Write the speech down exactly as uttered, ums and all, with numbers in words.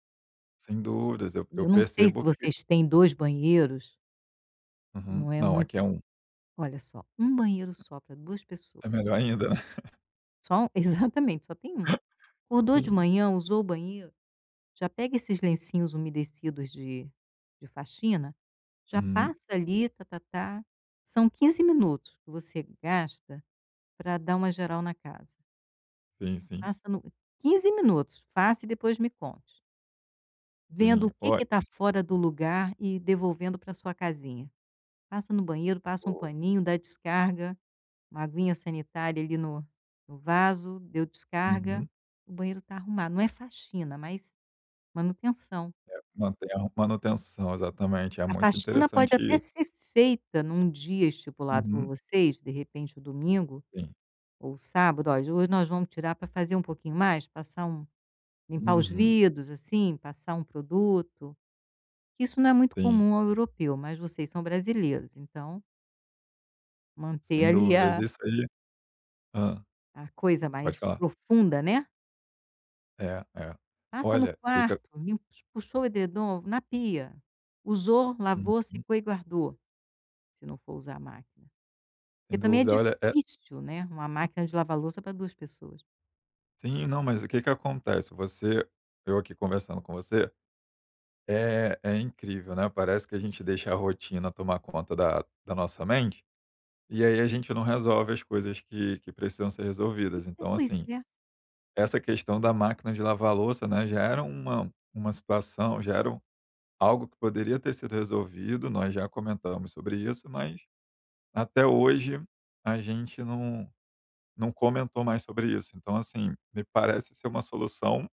Sem dúvidas, eu eu Eu não sei se percebo que vocês têm dois banheiros que Uhum. não é Não, muito aqui é um olha só, um banheiro só pra duas É pessoas. melhor ainda, né. Só u exatamente, só tem um. Acordou de Sim. manhã, usou o banheiro, já pega esses lencinhos umedecidos de de faxina, já Uhum. passa ali, tá-tá-tá, são quinze minutos que você gasta pra dar uma geral na casa. Sim, sim. Faça no quinze minutos, faça e depois me conte. Vendo Sim, o que olha que tá fora do lugar e devolvendo para sua casinha, passa no banheiro, passa um Boa. paninho, dá descarga, uma aguinha sanitária ali no no vaso, deu descarga, Uhum. o banheiro tá arrumado, não é faxina mas manutenção. É. Manter a manutenção, exatamente, é A muito faxina pode interessante até i ser feita em um dia estipulado por Uhum. vocês, de repente o domingo Sim. ou sábado: "Olha, hoje nós vamos tirar pra fazer um pouquinho mais", passar um limpar os Uhum. vidros, assim, passar um produto, que isso não é muito Sim. comum ao europeu, mas vocês são brasileiros, então manter Sem ali dúvidas, a isso aí hã. a coisa Pode mais falar. profunda, né. É, é. Passa no Olha, que que a quarto, limpa os puxou o edredom na pia, usou, lavou, Uhum. secou e guardou, se não for usar a máquina. Sem Porque também é dúvida, olha, é difícil, né, uma máquina de lavar louça para duas pessoas. Sim. Não, mas o que que acontece, você eu aqui conversando com você, é é incrível, né, parece que a gente deixa a rotina tomar conta da da nossa mente, e aí a gente não resolve as coisas que que precisam ser Pois resolvidas. é Então, pois assim, é. essa questão da máquina de lavar louça, né, já era uma uma situação já era o algo que poderia ter sido resolvido, nós já comentamos sobre isso, mas até hoje a gente não não comentou mais sobre isso. Então, assim, me parece ser uma solução